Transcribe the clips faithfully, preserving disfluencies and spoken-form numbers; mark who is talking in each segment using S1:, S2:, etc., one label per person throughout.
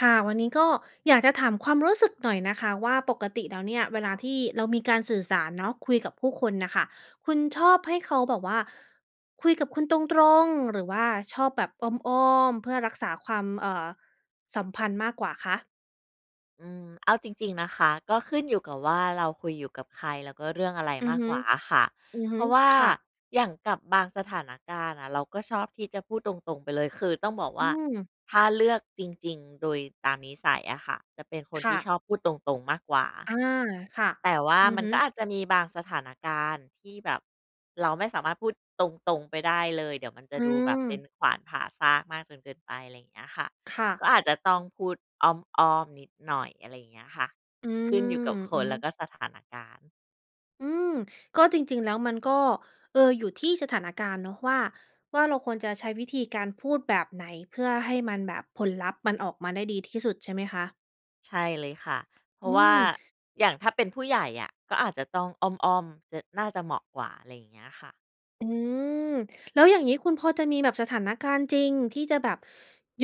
S1: ค่ะ วันนี้ก็อยากจะถามความรู้สึกหน่อยนะคะว่า ปกติแล้วเนี่ย เวลาที่เรามีการสื่อสารเนาะ คุยกับผู้คนน่ะค่ะ คุณชอบให้เขาแบบว่า คุยกับคุณตรง ๆ หรือว่าชอบแบบอ้อม ๆ เพื่อรักษาความ เอ่อ สัมพันธ์มากกว่าคะ?
S2: อืม เอาจริง ๆ นะคะ ก็ขึ้นอยู่กับว่าเราคุยอยู่กับใคร แล้วก็เรื่องอะไร
S1: อื
S2: ม
S1: อ
S2: า
S1: ฮ
S2: ก
S1: ึ
S2: กว่าอะค่ะ
S1: อือฮ
S2: เพ
S1: ึ
S2: ราะว่า
S1: ค่ะ
S2: อย่างกับบางสถานการณ์น่ะ เราก็ชอบที่จะพูดตรง ๆ ไปเลย คือต้องบอก
S1: อ
S2: ว
S1: ื
S2: ่า
S1: ม
S2: ถ้าเลือกจริง ๆ โดยตามนิสัยอะค่ะ จะเป็นคน
S1: ค
S2: ท
S1: ่
S2: ี่
S1: ะ
S2: ชอบพูดตรง ๆ มากกว่า
S1: อา ค่ะ
S2: แต่ว่า
S1: อือ
S2: มัน
S1: ฮ
S2: ก็
S1: ึ
S2: อาจจะมีบางสถานการณ์ ที่แบบเราไม่สามารถพูดตรง ๆ ไปได้เลย เดี๋ยวมันจะ
S1: อื
S2: ดูแบบเป็น
S1: ม
S2: ขวานผ่าซากมากจนเกินไป ไรเงี้ยค่ะ
S1: ค่
S2: ก
S1: ะ
S2: ็อาจจะต้องพูดอ้อม ๆ นิดหน่อย อะไรเงี้ยค่ะ
S1: อื
S2: ขึ
S1: ม
S2: ้นอยู่กับค
S1: อือ
S2: น
S1: ฮ
S2: แ
S1: ึ
S2: ล้วก็สถานการณ์
S1: อืม ก็จริง ๆ แล้วมันก็ เออ อยู่ที่สถานการณ์เนาะ ว่า ว่าเราควรจะใช้วิธีการพูดแบบไหน เพื่อให้มันแบบผลลัพธ์มันออกมาได้ดีที่สุด ใช่ไหมคะ?
S2: ใช่เลยค่ะ เพร
S1: อ
S2: า
S1: ื
S2: ะว่
S1: ม
S2: าอย่างถ้าเป็นผู้ใหญ่อะ ก็อาจจะต้องอ้อม ๆ จ น่าจะเหมาะกว่า อะไรอย่างเงี้ยค่ะ
S1: อือ แล้วอย่างงี้คุณพอจะมีแบบสถานการณ์จริง ที่จะแบบ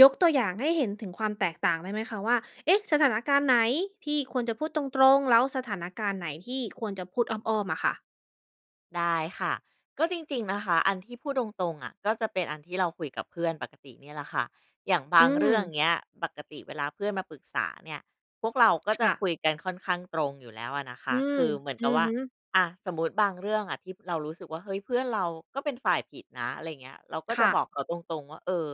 S1: ยกตัวอย่างให้เห็นถึงความแตกต่างได้ไหมคะ? ว่า เอ๊ะ สถานการณ์ไหนที่ควรจะพูดตรง ๆ? แล้วสถานการณ์ไหนที่ควรจะพูดอ้อม ๆ อะค่ะ?
S2: ได้ค่ะ ก็จริง ๆ นะคะ อันที่พูดตรง ๆ อะ ก็จะเป็นอันที่เราคุยกับเพื่อนปกติเนี่ยแหละค่ะ อย่างบ
S1: อื
S2: างเรื่อง
S1: อ
S2: เงี้ยปกติเวลาเพื่อนมาปรึกษาเนี่ย พวกเราก็
S1: ค
S2: จะ
S1: ่ะ
S2: คุยกันค่อนข้างตรงอยู่แล้วอะนะค
S1: อื
S2: ะ
S1: อ
S2: คือเหมือน
S1: อ
S2: ก
S1: ื
S2: ับ
S1: อ
S2: ว่า
S1: ฮึ
S2: อะ สมมติบางเรื่องอะที่เรารู้สึกว่า เฮ้ย เพื่อนเราก็เป็นฝ่ายผิดนะ อะไรเงี้ย เราก็
S1: ค
S2: จะ
S1: ่
S2: บ
S1: ะ
S2: อกเขาตรง ๆ ว่า เออ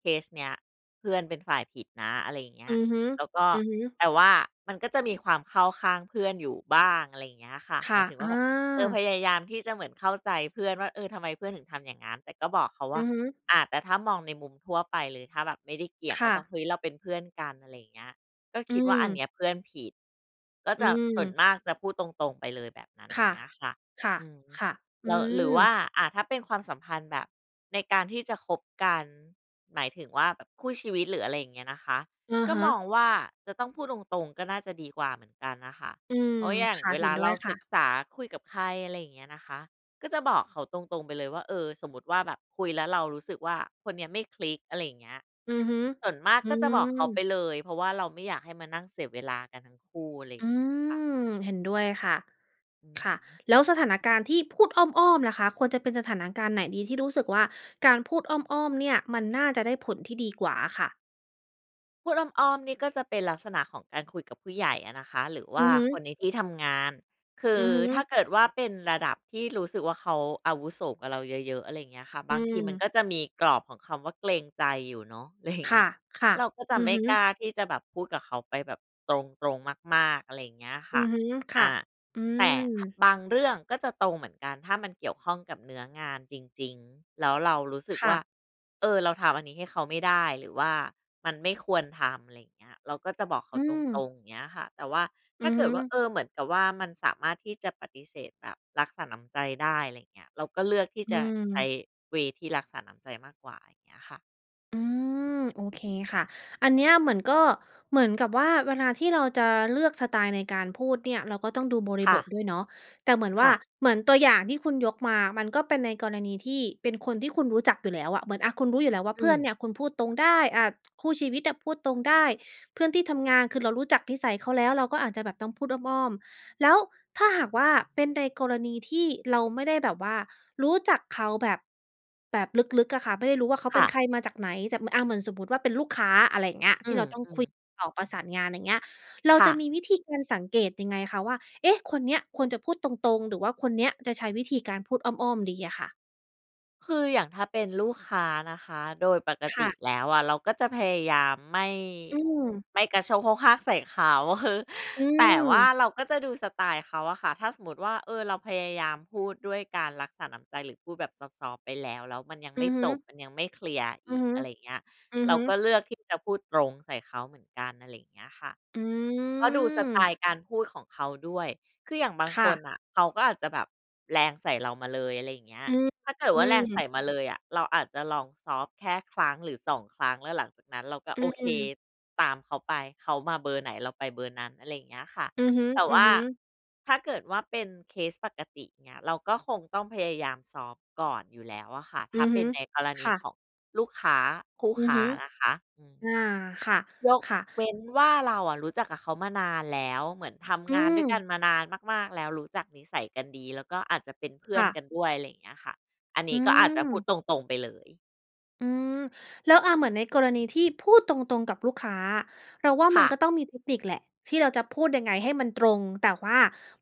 S2: เคสเนี้ยเพื่อนเป็นฝ่ายผิดนะ อะไรเงี้
S1: อื
S2: ย
S1: อฮึ
S2: แล้วก็
S1: อือฮึ
S2: แต่ว่ามันก็จะมีความเข้าข้างเพื่อนอยู่บ้าง อะไรอย่างเงี้ยค่ะ
S1: ค
S2: หม
S1: ่
S2: า
S1: ะ
S2: ยถึงว
S1: อ
S2: ่
S1: า
S2: า เออ พยายามที่จะเหมือนเข้าใจเพื่อนว่า เออทำไมเพื่อนถึงทำอย่างงั้น แต่ก็บอกเขาว
S1: อื
S2: ่า
S1: อฮึ
S2: อา แต่ถ้ามองในมุมทั่วไปเลยถ้าแบบไม่ได้เกี่ยง
S1: ค
S2: ว่
S1: ่
S2: า
S1: ะ
S2: แบบ เฮ้ย เราเป็นเพื่อนกัน อะไรอย่างเงี้ย ก็
S1: อื
S2: คิดว่าอัน
S1: อ
S2: เนี้ยเพื่อนผิด ก็
S1: อื
S2: จะส่วน
S1: อ
S2: มากจะพูดตรง ๆ ไปเลยแบบนั้น
S1: ค่ะ
S2: เงี้ยค่ะ
S1: ค่ะ
S2: อืม
S1: ค่ะ อ
S2: แ
S1: ื
S2: ล้ว หรือว
S1: อ
S2: ่า อะ ถ้าเป็นความสัมพันธ์แบบในการที่จะคบกัน หมายถึงว่า แบบคู่ชีวิต หรืออะไรอย่างเงี้ยนะคะ
S1: อะ
S2: ก็
S1: ฮ
S2: มอง
S1: ะ
S2: ว่า จะต้องพูดตรง ๆ ก็น่าจะดีกว่าเหมือนกันน่ะค่ะ
S1: อื
S2: เ
S1: อ
S2: พราะอย่าง
S1: ค่ะ
S2: เว
S1: เห
S2: ล
S1: ็
S2: า
S1: นด้
S2: เร
S1: ว
S2: า
S1: ยค
S2: ศ
S1: ่
S2: ึก
S1: ะ
S2: ษาคุยกับใคร อะไรอย่างเงี้ยนะคะ ก็จะบอกเขาตรง ๆ ไปเลยว่า เออ สมมติว่า แบบคุยแล้วเรารู้สึกว่า คนเนี้ยไม่คลิก อะไรอย่างเงี้ย
S1: อือฮึ
S2: ส่วนมาก
S1: อื
S2: ก็จะบอกเขาไป
S1: อ
S2: เลย เพราะว่าเราไม่อยากให้มานั่งเสียเวลากันทั้งคู่ อะไรอย
S1: อ
S2: ่
S1: ื
S2: างเงี้ยค่ะ
S1: อ เห็นด้วยค่ะ
S2: อือ
S1: ค่ะ
S2: ฮึ
S1: แล้วสถานการณ์ที่พูดอ้อม ๆ ล่ะคะ ควรจะเป็นสถานการณ์ไหนดีที่รู้สึกว่า การพูดอ้อม ๆ เนี่ย มันน่าจะได้ผลที่ดีกว่าอะค่ะ?
S2: พูดอ้อม ๆ นี่ก็จะเป็นลักษณะของการคุยกับผู้ใหญ่อะนะคะ หรือว
S1: อื
S2: ่า
S1: อฮ
S2: ค
S1: ึ
S2: นในที่ทำงาน คื
S1: อื
S2: อ
S1: อฮ
S2: ถ้า
S1: ึ
S2: เกิดว่าเป็นระดับที่รู้สึกว่า เขาอาวุโสกว่าเราเยอะ ๆ อะไรอย่างเงี้ยค่ะ
S1: อ
S2: บ
S1: ื
S2: างทีมัน
S1: ม
S2: ก็จะมีกรอบของคำว่าเกรงใจอยู่เนาะ ไร
S1: ค
S2: เงี้ย
S1: ่ะ
S2: เราก็จ
S1: ๆ
S2: ะ
S1: อื
S2: ไ
S1: อ
S2: ม่
S1: ฮ
S2: ก
S1: ึ
S2: ล้าที่จะแบบพูดกับเขาไปแบบตรง ๆ มาก ๆ อะไรอย่างเงี้ยค
S1: อื
S2: ่ะ
S1: อฮึ ค
S2: อ
S1: ่ะ
S2: า
S1: อื
S2: แต่ ถ
S1: ม
S2: บางเรื่องก็จะตรงเหมือนกันถ้ามันเกี่ยวข้องกับเนื้องานจริง ๆ แล้ว เรารู้สึก
S1: ค
S2: ว
S1: ่ะ
S2: ่า เออ เราทำอันนี้ให้เขาไม่ได้ หรือว่ามันไม่ควรทำ อะไรเงี้ย เราก็จะบอกเข
S1: อ
S2: า
S1: ื
S2: ตร
S1: ม
S2: ง ๆ เงี้ยค่ะ แต่ว่าถ
S1: อื
S2: ้า
S1: อ
S2: เก
S1: ฮ
S2: ิดว่า
S1: ึ
S2: เออ เหมือนกับว่ามันสามารถที่จะปฏิเสธแบบรักษาน้ำใจได้ อะไรเงี้ย เราก็เลือกที่
S1: อื
S2: จะใช้
S1: ม
S2: เวย์ ที่รักษาน้ำใจมากกว่าไรเงี้ยค่ะ
S1: อืม โอเคค่ะ อันเนี้ยเหมือนก็ เหมือนกับว่าเวลาที่เราจะเลือกสไตล์ในการพูดเนี่ย เราก็ต้องดูบร
S2: ค
S1: ิ
S2: ่
S1: บท
S2: ะ
S1: ด้วยเนาะ แต่เหมือนว
S2: ค
S1: ่
S2: ่
S1: า
S2: ะ
S1: เหมือนตัวอย่างที่คุณยกมา มันก็เป็นในกรณีที่เป็นคนที่คุณรู้จักอยู่แล้วอะ เหมือนอะ คุณรู้อยู่แล้วว่า
S2: อ
S1: เพื่
S2: ื
S1: อน
S2: ม
S1: เนี่ยคุณพูดตรงได้ อ่า คู่ชีวิตอะพูดตรงได้ เพื่อนที่ทำงาน คือเรารู้จักนิสัยเขาแล้ว เราก็อาจจะแบบต้องพูดอ้อม ๆ แล้วถ้าหากว่าเป็นในกรณีที่เราไม่ได้แบบว่ารู้จักเขาแบบ แบบลึก ๆ อะค่ะ ไม่ได้รู้ว่าเขา
S2: ค
S1: เป็
S2: ่
S1: น
S2: ะ
S1: ใครมาจากไหน แต่ ม อ่า เหมือนสมมติว่าเป็นลูกค้า อะไรอย่างเงี้ย
S2: อื
S1: ที่เราต้องคุ
S2: ม
S1: ย
S2: ๆ
S1: ติดต่อประสานงาน อย่างเงี้ย เรา
S2: ค่
S1: จะม
S2: ะ
S1: ีวิธีการสังเกตยังไงคะ? ว่า เอ๊ะ คนเนี้ยควรจะพูดตรง ๆ หรือว่าคนเนี้ยจะใช้วิธีการพูดอ้อม ๆ ดีอะค่ะ
S2: คืออย่างถ้าเป็นลูกค้านะคะ โดยปก
S1: ค
S2: ต
S1: ่
S2: ิ
S1: ะ
S2: แล้วอะเราก็จะพยายามไม่
S1: อืม
S2: ไม่กระโชกโฮกฮากใส่เขา อือฮึ
S1: อื
S2: แต่ว่า
S1: ม
S2: เราก็จะดูสไตล์เขาอะค่ะ ถ้าสมมุติว่า เออ เราพยายามพูดด้วยการรักษาน้ำใจหรือพูดแบบซอฟต์ ๆ ไปแล้ว แล้วมันยัง
S1: อื
S2: ไม่
S1: อฮึ
S2: จบ มันยังไม่เคลียร์อ
S1: อื
S2: ี
S1: อ
S2: ก
S1: ฮึ
S2: อะไรเงี้ย
S1: อือ
S2: เรา
S1: ฮึ
S2: ก็เลือกที่จะพูดตรงใส่เขาเหมือนกัน อะไรเงี้ยค่ะ
S1: อื
S2: ก็ดูสไต
S1: อ
S2: ล์การพูดของเขาด้วย คืออย่างบาง
S1: ค
S2: ค
S1: ่
S2: น
S1: ะ
S2: น่ะ เขาก็อาจจะแบบแรงใส่เรามาเลย อะไรเงี้ย
S1: อือ
S2: ถ้าเกิด
S1: อ
S2: ว
S1: ื
S2: ่าแรงใส่
S1: ม
S2: มาเลยอะ เราอาจจะลองซอฟต์แค่ครั้ง หรือ สอง ครั้ง แล้วหลังจากนั้นเราก็
S1: อื
S2: โอเค
S1: ม
S2: ตามเขาไป เขามาเบอร์ไหนเราไปเบอร์นั้น อะไรเงี้ยค่ะ
S1: อือฮ
S2: แต่ว่า
S1: ึ ๆ
S2: ถ้าเกิดว่าเป็นเคสปกติเนี่ย เราก็คงต้องพยายามซอฟต์ก่อนอยู่แล้วอะค่ะ ถ
S1: อ
S2: ้า
S1: ือ
S2: เป
S1: ฮ
S2: ็
S1: ึ
S2: นในกรณ
S1: ค
S2: ี
S1: ่
S2: ข
S1: ะ
S2: องลูกค้า คู่
S1: อื
S2: ค
S1: อ
S2: ้
S1: ฮ
S2: า
S1: ึ
S2: นะคะ อืม
S1: อา ค่ะ
S2: ยก
S1: ค่ะ
S2: เว้นว่าเราอะรู้จักกับเขามานานแล้ว เหมือนท
S1: อ
S2: ำ
S1: ื
S2: งานด้วยกัน
S1: ม
S2: มานานมาก ๆ แล้ว รู้จักนิสัยกันดี แล้วก็อาจจะเป็นเพื่
S1: ค
S2: อน
S1: ่
S2: กั
S1: ะ
S2: นด้วย อะไรเงี้ยค่ะ อันน
S1: อื
S2: ี้ก็อาจจะพูด
S1: ม
S2: ตรง ๆ ไปเลย
S1: อืม แล้ว อ่า เหมือนในกรณีที่พูดตรง ๆ กับลูกค้า เราว่า
S2: ค
S1: มัน
S2: ่ะ
S1: ก็ต้องมีเทคนิคแหละ ที่เราจะพูดยังไงให้มันตรง แต่ว่า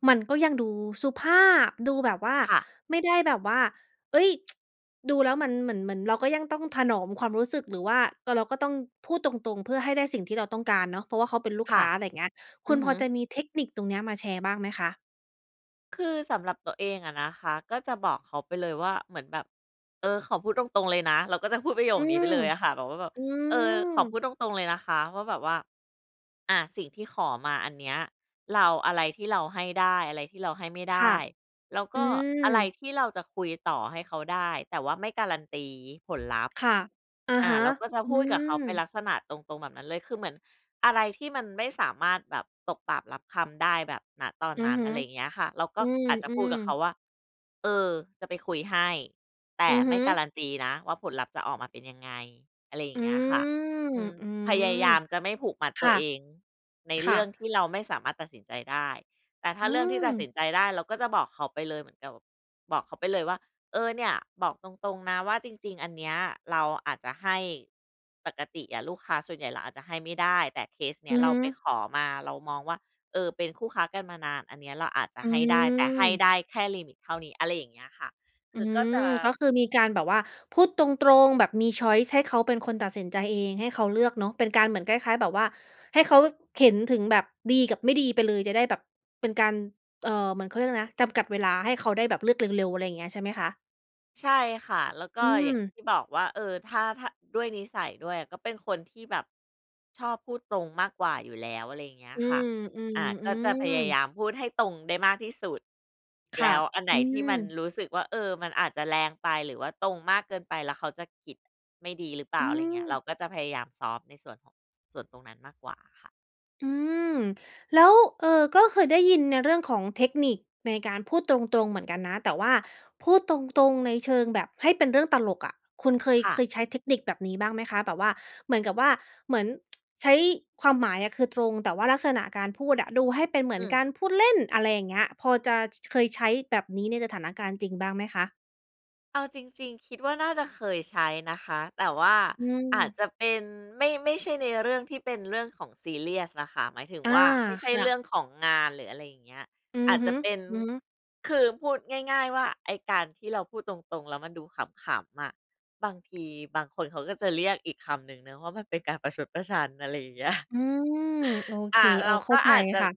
S1: มันก็ยังดูสุภาพ ดูแบบว่า
S2: ค่ะ
S1: ไม่ได้แบบว่า เฮ้ย ดูแล้วมันเหมือน เหมือนเราก็ยังต้องถนอมความรู้สึก หรือว่า ก็เราก็ต้องพูดตรง ๆ เพื่อให้ได้สิ่งที่เราต้องการเนาะ เพราะว่าเขาเป็นลูก
S2: ค
S1: ค
S2: ่ะ
S1: ้า อะไรเงี้ย ค
S2: อ
S1: ุ
S2: ื
S1: ณ
S2: อฮ
S1: พอ
S2: ึ
S1: จะมีเทคนิคตรงเนี้ย มาแชร์บ้างไหมคะ?
S2: คือสำหรับตัวเองอะนะคะ ก็จะบอกเขาไปเลยว่าเหมือนแบบ เออ ขอพูดตรง ๆ เลยนะ เราก็จะพูดประโย
S1: อื
S2: คนี้ไป
S1: อ
S2: เลยอะค่ะ แบบว่าแบบ
S1: อื
S2: เออ ขอพ
S1: อ
S2: ูดตรง ๆ เลยนะคะว่าแบบว่า อา สิ่งที่ขอมาอันเนี้ย เรา อะไรที่เราให้ได้ อะไรที่เราให้ไม่ได
S1: ค่ะ
S2: ้ แล้วก
S1: อื
S2: ็อะไร
S1: ม
S2: ที่เราจะคุยต่อให้เขาได้ แต่ว่าไม่การันตี ผลลัพธ์
S1: ค่ะ อะ
S2: อ
S1: ฮ
S2: า
S1: ะ
S2: เราก็จะ
S1: อื
S2: พูดกับเขาเป็น
S1: ม
S2: ลักษณะตรง ๆ แบบนั้นเลย คือเหมือนอะไรที่มันไม่สามารถแบบตกปากรับคำได้แบบ ณ ตอน
S1: อื
S2: น
S1: อ
S2: ั้น
S1: ฮึ
S2: อะไรเงี้ยค่ะ เราก
S1: อ
S2: ็
S1: ื
S2: อาจจะพูด
S1: ม
S2: กับเขา
S1: ๆ
S2: ว่า เออ จะไปคุยให้ แต
S1: อ
S2: ่
S1: ือฮ
S2: ไม่
S1: ึ
S2: การันตีนะว่า ผลลัพธ์จะออกมาเป็นยังไง อะไรอย่
S1: อื
S2: างเงี้ยค่ะ
S1: ม
S2: อืม
S1: อื
S2: พยา
S1: ม
S2: ยามจะไม่ผูกมัด
S1: ค
S2: ตั
S1: ่
S2: ว
S1: ะ
S2: เองใน
S1: ค
S2: เ
S1: ่
S2: รื
S1: ะ
S2: ่องที่เราไม่สามารถตัดสินใจได้ แต่ถ้
S1: อื
S2: าเรื่องที่ตัด
S1: ม
S2: สินใจได้ เราก็จะบอกเขาไปเลย เหมือนกับบอกเขาไปเลยว่า เออ เนี่ยบอกตรง ๆ นะ ว่าจริง ๆ อันเนี้ยเราอาจจะให้ ปกติอะลูกค้าส่วนใหญ่ เราอาจจะให้ไม่ได้ แต่เคสนี
S1: อื
S2: ้
S1: อ
S2: เร
S1: ฮ
S2: า
S1: ึ
S2: ไปขอมา เรามองว่า เออ เป็นคู่ค้ากันมานาน อันนี้เราอาจจะ
S1: อ
S2: ให้ได้ แต่ให้
S1: ืม
S2: ได้แค่ลิมิตเท่านี้ อะไรอย่างเงี้ยค่ะ ค
S1: อื
S2: ือก็จ
S1: ม
S2: ะ
S1: ก็คือมีการแบบว่า พูดตรง ๆ แบบมี ชอยซ์ ให้เขาเป็นคนตัดสินใจเอง ให้เขาเลือกเนาะ เป็นการเหมือนคล้าย ๆ แบบว่า ให้เขาเห็นถึงแบบดีกับไม่ดีไปเลย จะได้แบบเป็นการ เอ่อ เหมือน เขาเรียกไรนะ จำกัดเวลา ให้เขาได้แบบเลือกเร็ว ๆ อะไรเงี้ย ใช่ไหมคะ?
S2: ใช่ค่ะ แล้วก
S1: อ
S2: ็
S1: ื
S2: อย่าง
S1: อ
S2: ที่บอกว่า เออ ถ้า ถ้าด้วยนิสัยด้วย ก็เป็นคนที่แบบชอบพูดตรงมากกว่าอยู่แล้ว อะไรอย่างเงี้ย
S1: อื
S2: ค่ะ อา ก็จะพ
S1: ม
S2: ยา
S1: ๆ
S2: ย
S1: ๆ
S2: ามพูดให้ตรงได้มากที่สุด
S1: ค
S2: แล
S1: ่ะ
S2: ้วอันไห
S1: อ
S2: น
S1: ื
S2: ที่มัน
S1: อ
S2: รู้สึกว่า เออ มันอาจจะแรงไป หรือว่าตรงมากเกินไป แล้วเขาจะคิดไม่ดีหรือเปล่
S1: อ
S2: า
S1: ื
S2: อะไรอย่างเงี้ย เรา
S1: อ
S2: ก็จะพยายามซอฟต์ในส่วนของ ส่วนตรงนั้นมากกว่าค่ะ
S1: อืม แล้ว เออ ก็เคยได้ยินในเรื่องของเทคนิคในการพูดตรง ๆ เหมือนกันนะ แต่ว่าพูดตรง ๆ ในเชิงแบบให้เป็นเรื่องตลกอะ คุณเคย
S2: ค่
S1: เค
S2: ะ
S1: ยใช้เทคนิคแบบนี้บ้างไหมคะ? แบบว่าเหมือนกับว่า เหมือน ใช้ความหมายอะคือตรง แต่ว่าลักษณะการพูดอะดูให้เป็นเหมือ
S2: อ
S1: น
S2: ื
S1: ก
S2: อ
S1: ารพูดเล่น อะไรอย่างเงี้ย พอจะ ช เคยใช้แบบนี้ในสถานการณ์จริงบ้างไหมคะ?
S2: เอาจริง ๆ คิดว่า น่าจะเคยใช้นะคะ แต่ว่า
S1: อื
S2: อาจ
S1: อ
S2: จะเป็นไม่ ไม่ใช่ในเรื่องที่เป็นเรื่องของซีเรียสอะค่ะ หมายถึง
S1: อา
S2: ว่า ไม่ใช่
S1: ค่
S2: เรื
S1: ะ
S2: ่องของงาน หรืออะไรอย่างเงี้ย
S1: อื
S2: อ
S1: อ
S2: าจ
S1: ฮ
S2: จะ
S1: ึ
S2: เป็น
S1: อือฮึ
S2: คือพูดง่าย ๆ ว่า ไอ้การที่เราพูดตรง ๆ แล้วมันดูขำ ๆ อะ บางทีบางคนเขาก็จะเรียกอีกคำหนึ่งนะว่า มันเป็นการประชดประชัน อะไรอย่าง เงี้ย
S1: อือ โอเ
S2: อ
S1: ค
S2: ่า เ
S1: อ
S2: ร
S1: ้อ
S2: า
S1: เข้
S2: ก
S1: า
S2: ็
S1: ใจ
S2: อาจจะ
S1: ค่ะ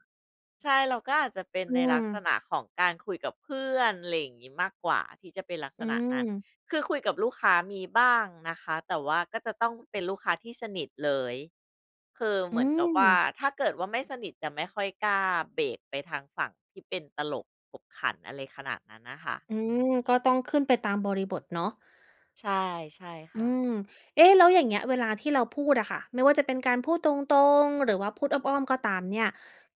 S2: ใช่ เราก็อาจจะเป็น
S1: อื
S2: ในลักษ
S1: อ
S2: ณะของการคุยกับเพื่อน อะไรอย่างงี้ มากกว่าที่จะเป็นลักษ
S1: อื
S2: ณะนั้น
S1: อ
S2: คือคุยกับลูกค้ามีบ้างนะคะ แต่ว่าก็จะต้องเป็นลูกค้าที่สนิทเลย คือเ
S1: อ
S2: ห
S1: ื
S2: มือนกับว่า
S1: อ
S2: ถ้าเกิดว่าไม่สนิทจะไม่ค่อยกล้าเบรกไปทางฝั่งที่เป็นตลกขบขัน อะไรขนาดนั้นน่ะค่ะ
S1: อื
S2: อือ
S1: อ ก็ต้องขึ้นไปตามบริบทเนาะ
S2: ใช่ ๆ ค
S1: อื
S2: ่ะ
S1: อ เอ๊ะ! แล้วอย่างเงี้ยเวลาที่เราพูดอะค่ะ ไม่ว่าจะเป็นการพูดตรง ๆ หรือว่าพูดอ้อม ๆ ก็ตามเนี่ย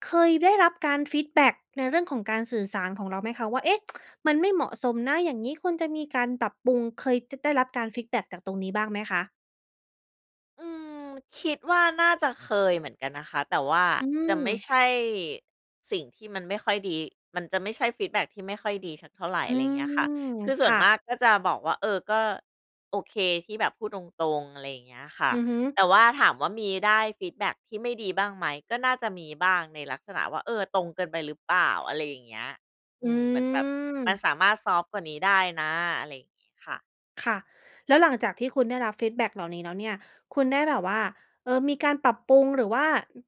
S1: เคยได้รับการฟีดแบ็กในเรื่องของการสื่อสารของเราไหมคะ? ว่า เอ๊ะ มันไม่เหมาะสมนะ อย่างงี้ ควรจะมีการปรับปรุง เคยจะได้รับการฟีดแบคจากตรงนี้บ้างไหมคะ?
S2: อืม คิดว่าน่าจะเคยเหมือนกันนะคะ แต่ว่า
S1: อื
S2: จะไม่
S1: ม
S2: ใช่สิ่งที่มันไม่ค่อยดี มันจะไม่ใช่ฟีดแบ็กที่ไม่ค่อยดีสักเท่าไร
S1: อื
S2: อะไรอย่าง
S1: ม
S2: เงี้ยค่ะ คือส่
S1: ค
S2: ว
S1: ่
S2: นม
S1: ะ
S2: ากก็จะบอกว่า เออ ก็โอเคที่แบบพูดตรง ๆ อะไรอย่างเงี้ยค่ะ
S1: อือฮึ
S2: แต่ว่าถามว่า มีได้ฟีดแบ็กที่ไม่ดีบ้างไหม ก็น่าจะมีบ้างในลักษณะว่า เออ ตรงเกินไปหรือเปล่า อะไรอย่างเงี้ย อ
S1: อื
S2: ืม เหมือนแบบมัน
S1: ม
S2: สามารถซอฟต์กว่านี้ได้นะ อะไรอย่างงี้ค่ะ
S1: ค่ะ แล้วหลังจากที่คุณได้รับฟีดแบ็กเหล่านี้แล้วเนี่ย คุณได้แบบว่า เออ มีการปรับปรุง หรือว่า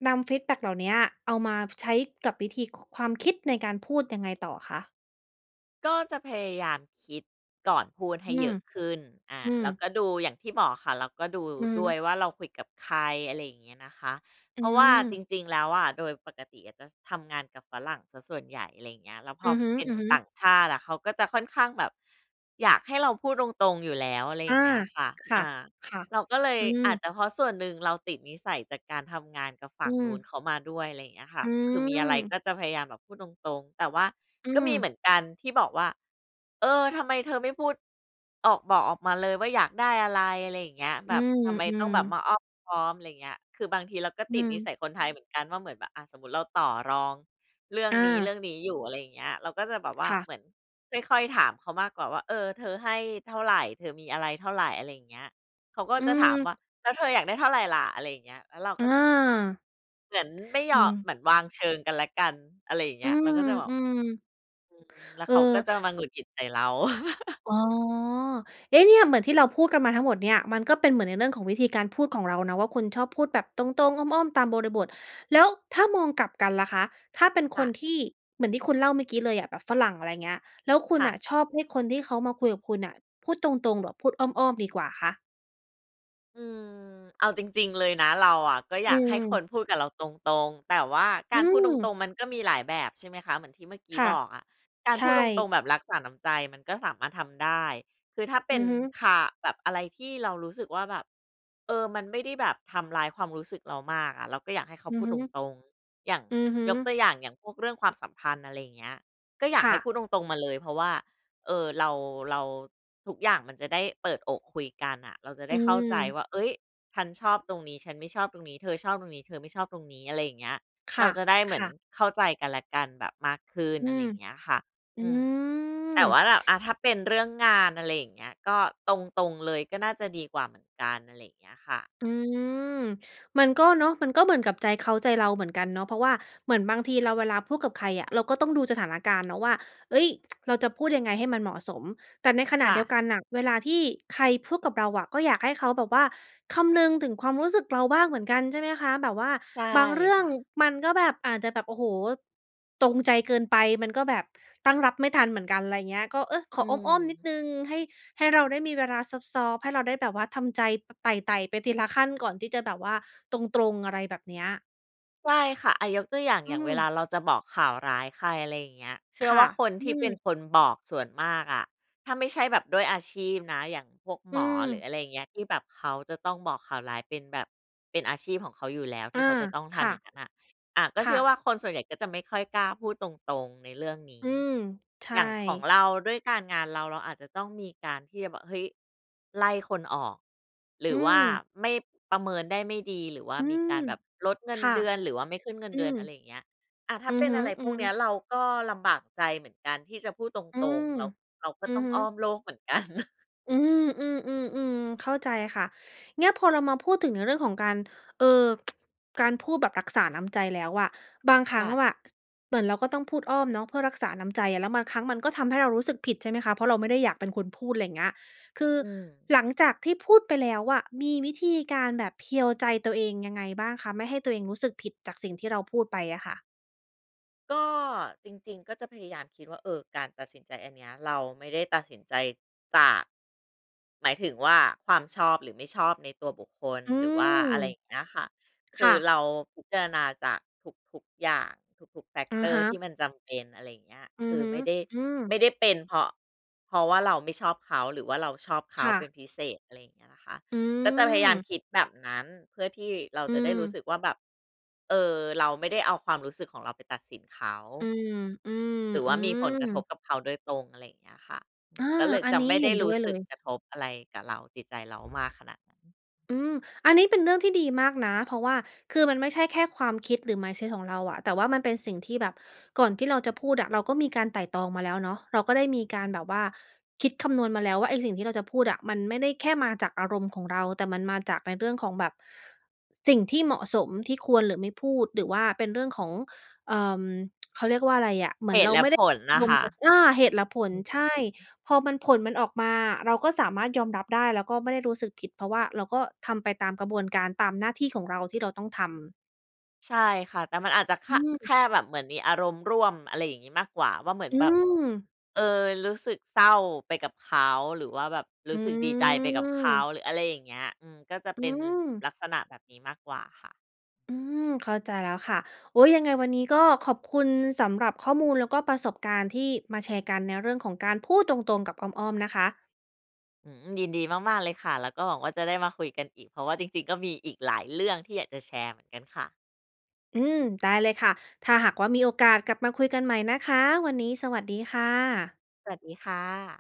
S1: นำฟีดแบ็กเหล่าเนี้ย เอามาใช้กับวิธี ค ความคิดในการพูดยังไงต่อคะ?
S2: ก็จะพยายามคิดก่อนพูดให
S1: อื
S2: ้เ
S1: ม
S2: ยอะขึ้น อา
S1: อื
S2: แ
S1: ม
S2: ล้วก็ดูอย่างที่บอกค่ะ เราก็ดู
S1: อือ
S2: ด้
S1: ฮึ
S2: วยว่าเราคุยกับใคร อะไรอย่างเงี้ยนะคะ
S1: อ
S2: เ
S1: ื
S2: พราะว่าจ
S1: ม
S2: ริง ๆ แล้วอะ โดยปกติอะจะทำงานกับฝรั่งเสียส่วนใหญ่ อะไรอย่างเงี้ย แล้วพ
S1: อื
S2: อ
S1: อ
S2: เป็น
S1: ฮึ
S2: ต่
S1: ๆ
S2: างชาติอะเขาก็จะค่อนข้างแบบอยากให้เราพูดตรง ๆ อยู่แล้ว อะไร
S1: อ
S2: อย่
S1: า
S2: างเงี้ยค่ะ
S1: ค่
S2: อ
S1: ะ
S2: า
S1: ค่ะ
S2: เราก็เลย
S1: อื
S2: อาจ
S1: ม
S2: จะเพราะส่วนหนึ่งเราติดนิสัยจากการทำงานกับฝั
S1: อื
S2: ่งนู้น
S1: ม
S2: เขามาด้วย อะไรอย่างเงี้ยค่ะ
S1: อื
S2: คือมีอะไร
S1: ม
S2: ก็จะพยายามแบบพูดตรง ๆ แต่ว่า
S1: อื
S2: ก็มีเหมื
S1: ม
S2: อนกันที่บอกว่า "เออ ทำไมเธอไม่พูด ออก บอกออกมาเลยว่าอยากได้อะไร" อะไรอย่างเงี้ย
S1: อ
S2: "แ
S1: ื
S2: บบทำไมต้อ
S1: ม
S2: งแบบ
S1: ๆ
S2: มาอ้อมค้อม" อะไรเงี้ย คือบางทีเราก็
S1: อ
S2: ต
S1: ื
S2: ิดนิส
S1: ม
S2: ัยคนไทยเหมือนกันว่า เหมือนแบบ อ่า สมมติเราต่อรองเรื่อง
S1: อ
S2: น
S1: า
S2: ี้ ๆ อยู่ อะไรอย่างเงี้ย เราก็จะแบบว่า
S1: ค่ะ
S2: เหมือนค่อย ๆ ถามเขามากกว่าว่า "เออ เธอให้เท่าไร เธอมีอะไรเท่าไร" อะไรอย่างเงี้ย เขาก็
S1: อื
S2: จะถาม
S1: ม
S2: ว่า "แล้วเธออยากได้เท่าไรล่ะ" อะไรอย่างเงี้ย แล้วเราก
S1: อ
S2: ็จะ
S1: า
S2: เหมือนไม่ย
S1: อื
S2: อม
S1: ม
S2: เหมือนวางเชิงกันและกัน อะไรอย่างเง
S1: อ
S2: ี
S1: ื
S2: ้ย เราก็จะแบบ
S1: ม ๆ
S2: อืม แล้ว
S1: เออ
S2: เขาก็จะมาหงุดหงิดใส่เรา
S1: อ๋อ เอ๊ะ! เนี่ยเหมือนที่เราพูดกันมาทั้งหมดเนี่ย มันก็เป็นเหมือนในเรื่องของวิธีการพูดของเรานะว่า คุณชอบพูดแบบตรง ๆ อ้อม ๆ ตามบริบท แล้วถ้ามองกลับกันล่ะคะ ถ้าเป็น
S2: ค
S1: ค
S2: ่
S1: น
S2: ะ
S1: ที่ เหมือนที่คุณเล่าเมื่อกี้เลยอะ แบบฝรั่งอะไรเงี้ย แล้วคุ
S2: ค
S1: ณ
S2: ่ะ
S1: น่ะชอบให้คนที่เขามาคุยกับคุณน่ะพูดตรง ๆ หรือว่า พูดอ้อม ๆ ดีกว่าคะ?
S2: อือ เอาจริง ๆ เลยนะ เราอะก็อ
S1: อ
S2: ย
S1: ื
S2: ากให้ค
S1: อ
S2: นพูดกับเราตรง ๆ แต่ว่าก
S1: อ
S2: า
S1: ื
S2: รพูดตร
S1: ม
S2: ง ๆ มันก็มีหลายแบบ ใช่ไหมคะ เหมือนที่เมื่อกี้
S1: ค่ะ
S2: บอกอะ การ
S1: ใช
S2: พู
S1: ่
S2: ดตรง ๆ แบบรักษาน้ำใจ มันก็สามารถทำได้ คือถ้าเป
S1: อื
S2: ็
S1: อ
S2: น
S1: ฮึ
S2: คา แบบอะไรที่เรารู้สึกว่าแบบ เออ มันไม่ได้แบบทำร้ายความรู้สึกเรามากอะ เราก็อยากให้เขา
S1: อื
S2: พ
S1: อ
S2: ูด
S1: ฮึ
S2: ตรง ๆ อย่าง
S1: อือฮึ
S2: ยกตัวอย่าง อย่างพวกเรื่องความสัมพันธ์ อะไรเงี้ย ก็อย
S1: ค
S2: ากใ
S1: ่
S2: ห้พ
S1: ะ
S2: ูดตรง ๆ มาเลย เพราะว่า เออ เรา เรา ทุกอย่างมันจะได้เปิดอกคุยกันน่ะ เราจะ
S1: อ
S2: ไ
S1: ื
S2: ด้เข้าใจ
S1: ม
S2: ว่า เฮ้ย ฉันชอบตรงนี้ ฉันไม่ชอบตรงนี้ เธอชอบตรงนี้ เธอไม่ชอบตรงนี้ อะไรเงี้ย
S1: ค
S2: เ
S1: ่
S2: รา
S1: ะ
S2: จะได้เ
S1: ค
S2: หมือ
S1: ่
S2: น
S1: ะ
S2: เข้าใจกันและกันแบบมากขึ้น
S1: อื
S2: อะไร
S1: ม
S2: เงี้ยค่ะ
S1: อื
S2: อืม แต่ว่
S1: ม
S2: าแบบ อ่า ถ้าเป็นเรื่องงาน อะไรอย่างเงี้ย ก็ตรง ๆ เลยก็น่าจะดีกว่าเหมือนกัน อะไรเงี้ยค่ะ
S1: อือ มันก็เนาะ มันก็เหมือนกับใจเขาใจเราเหมือนกันเนาะ เพราะว่าเหมือนบางทีเราเวลาพูดกับใครอะ เราก็ต้องดูสถานการณ์เนาะว่า เฮ้ย เราจะพูดยังไงให้มันเหมาะสม แต่ในขณ
S2: ค
S1: ะ
S2: ่
S1: เดียว
S2: ะ
S1: กันน่ะ เวลาที่ใครพูดกับเราอะ ก็อยากให้เขาแบบว่าคำนึงถึงความรู้สึกเราบ้างเหมือนกัน ใช่ไหมคะ? แบบว่า
S2: ใช่
S1: บางเรื่อ
S2: ค
S1: ง
S2: ่ะ
S1: มันก็แบบ อาจจะแบบ โอ้โฮ ตรงใจเกินไป มันก็แบบตั้งรับไม่ทันเหมือนกัน ไรเงี้ย ก็ เออ ข
S2: อ
S1: อ
S2: ื
S1: อ้อม ๆ นิด
S2: ม
S1: หนึ่ง ให้ ให้เราได้มีเวลาซอฟต์ ๆ ให้เราได้แบบว่าทำใจ ไต่ ๆ ไปทีละขั้นก่อนที่จะแบบว่าตรง ๆ อะไรแบบเนี้ย
S2: ใช่ค่ะ อา ยกตัวอย่าง
S1: อื
S2: อย่างเว
S1: ม
S2: ลาเราจะบอกข่าวร้ายใคร ไรเงี้ย เชื
S1: ค
S2: ่อ
S1: ่
S2: ว่
S1: ะ
S2: าคน
S1: อื
S2: ที่เป็น
S1: ม
S2: คนบอกส่วนมากอะ ถ้าไม่ใช่แบบด้วยอาชีพนะ อย่างพวก
S1: อ
S2: ห
S1: ื
S2: มอ หรือ
S1: ม
S2: อะไรเงี้ย ที่แบบเขาจะต้องบอกข่าวร้ายเป็นแบบ เป็นอาชีพของเขาอยู่แล้วท
S1: อ
S2: ี
S1: า
S2: ่เขาจะต้องท
S1: ค่
S2: ำ
S1: ะ
S2: อย่างงั้นน่ะ อะ ก
S1: ค
S2: ็เช
S1: ่
S2: ื่อว่
S1: ะ
S2: าคนส่วนใหญ่ก็จะไม่ค่อยกล้าพูดตรง ๆ ในเรื่องนี
S1: อ
S2: ้
S1: ืม ใช่
S2: อย่างของเรา ด้วยการงานเรา เราอาจจะต้องมีการที่จะบอก เฮ้ย! ไล่คนออก หร
S1: อ
S2: ื
S1: ื
S2: อว่า
S1: ม
S2: ไม่ ประเมินได้ไม่ดี หรือว่า
S1: อื
S2: มี
S1: ม
S2: การแบบลดเงิ
S1: ค
S2: น
S1: ่ะ
S2: เดือน หรือว่าไม่ขึ้นเงิน
S1: อื
S2: เดือน
S1: ม
S2: อะไรเงี้ย อา ถ้
S1: อื
S2: า
S1: อ
S2: เป็
S1: ฮ
S2: นอะไรพ
S1: ึ
S2: วกเนี้ย
S1: ๆ
S2: เราก็ลำบากใจเหมือนกันที่จะพูดต
S1: อื
S2: รง
S1: ม
S2: ๆ แล้วเราก็
S1: อื
S2: ต
S1: อ
S2: ้อง
S1: ฮึ
S2: อ้อมโลกเหมือน กัน
S1: อืม ๆ ๆ ๆ เข้าใจค่ะ เนี่ยพอเรามาพูดถึงในเรื่องของการ เอ่อ การพูดแบบรักษาน้ำใจแล้วอะ บางคร
S2: ค
S1: ั้
S2: ่
S1: งอะ
S2: ะ
S1: ว่า ส เหมือนเราก็ต้องพูดอ้อมเนาะ เพื่อรักษาน้ำใจอะ แล้วบางครั้งมันก็ทำให้เรารู้สึกผิดใช่ไหมคะ เพราะเราไม่ได้อยากเป็นคนพูด ไรเงี้ย คือ
S2: อืม
S1: หลังจากที่พูดไปแล้วอะ มีวิธีการแบบเพียวใจตัวเองยังไงบ้างคะ? ไม่ให้ตัวเองรู้สึกผิดจากสิ่งที่เราพูดไปอะค่ะ
S2: ก็ จริง ๆ ก็จะพยายามคิดว่า เออ การตัดสินใจอันเนี้ยเราไม่ได้ตัดสินใจจาก หมายถึงว่า ความชอบหรือไม่ชอบในตัวบุคคล
S1: อื
S2: หรือว่า
S1: ม
S2: อะไรอย่างเงี้ยค่ะ ค
S1: ค
S2: ื
S1: ่
S2: อ
S1: ะ
S2: เราพิจารณาจากทุก ๆ อย่าง ทุก ๆ
S1: อะ
S2: Factor
S1: ฮ
S2: ที่
S1: ะ
S2: มันจำเป็น อะไรอย่างเงี้ย
S1: อื
S2: ค
S1: อ
S2: ือ
S1: ฮึ
S2: ไม่ได้
S1: อือ
S2: ไม่ได้เป็น เพราะ เพราะว่าเราไม่ชอบเขาหรือว่าเราชอบเขา
S1: ค่
S2: เป็น
S1: ะ
S2: พิเศษ อะไรอย่างเงี้ยนะคะ
S1: อื
S2: ก็จะพยายาม
S1: อ
S2: คิดแบบนั้น เพื่อที่เรา
S1: อื
S2: จะได้รู้
S1: อ
S2: สึกว่า แบบ เออ เราไม่ได้เอาความรู้สึกของเราไปตัดสินเขา
S1: อือ อือ
S2: หรือ
S1: อ
S2: ว
S1: ื
S2: ่ามีผลกระท
S1: อ
S2: บกับเขาโดยตรง อะไรอย่างเงี้ยค่ะ
S1: อา
S2: ก็เลย
S1: อัน
S2: จะ
S1: นี้
S2: ไม่
S1: เ
S2: ไ
S1: ห
S2: ด
S1: ็
S2: ้
S1: นด้
S2: รู้
S1: วยเล
S2: สึก
S1: ย
S2: กระทบอะไรกับเรา จิตใจเรามากขนาดนั้น
S1: อือ อันนี้เป็นเรื่องที่ดีมากนะ เพราะว่าคือมันไม่ใช่แค่ความคิดหรือ mindset ของเราอะ แต่ว่ามันเป็นสิ่งที่แบบก่อนที่เราจะพูดอะเราก็มีการไตร่ตรองมาแล้วเนาะ เราก็ได้มีการแบบว่าคิดคำนวณมาแล้วว่า ไอ้สิ่งที่เราจะพูดอะมันไม่ได้แค่มาจากอารมณ์ของเรา แต่มันมาจากในเรื่องของแบบ ส สิ่งที่เหมาะสม ที่ควร หรือไม่พูด หรือว่าเป็นเรื่องของ เอ่อ เขาเรียกว่าไร อะ เหม
S2: เ
S1: ื
S2: ห
S1: อน
S2: ต
S1: เร
S2: ุ
S1: า
S2: และ
S1: ไม่ไ
S2: ผ
S1: ด้
S2: ล
S1: อ
S2: น
S1: า
S2: ่ะ
S1: ร
S2: ค
S1: มณ์
S2: ่ะ
S1: จะ ส อา เหตุ และผล
S2: อือฮ
S1: ใช่
S2: ึ
S1: พอมัน ผลมันออกมาเราก็สามารถยอมรับได้ แล้วก็ไม่ได้รู้สึกผิด เพราะว่าเราก็ทำไปตามกระบวนการ ตามหน้าที่ของเราที่เราต้องทำ
S2: ใช่ค่ะ แต่มันอาจจะค
S1: อื
S2: ่า แ
S1: อ
S2: ค่แบบเหมือนมีอารมณ์ร่วม อะไรอย่างงี้มากกว่า ว่า เหมือน
S1: อื
S2: แบบ
S1: อ
S2: เออ รู้สึกเศร้าไปกับเขา หรือว่าแบบรู
S1: อื
S2: ้สึกดีใจไปกับเขา
S1: อ
S2: หรืออะไรอย่างเงี้ย อืม ก็จะ
S1: อ
S2: เ
S1: ื
S2: ป็นนิม
S1: อ
S2: ลักษณะแบบนี้มากกว่าค่ะ
S1: อืม เข้าใจแล้วค่ะ โอ๊ย! ยังไงวันนี้ก็ขอบคุณสำหรับข้อมูล แล้วก็ประสบการณ์ที่มาแชร์กัน ในเรื่องของการพูดตรง ๆ กับอ้อม ๆ นะคะ
S2: อื้อฮือ ยินดีมาก ๆ เลยค่ะ แล้วก็หวังว่า จะได้มาคุยกันอีก เพราะว่าจริง ๆ ก็มีอีกหลายเรื่องที่อยากจะแชร์เหมือนกันค่ะ
S1: อืม ได้เลยค่ะ ถ้าหากว่า มีโอกาสกลับมาคุยกันใหม่นะคะ วันนี้ สวัสดีค่ะ
S2: สวัสดีค่ะ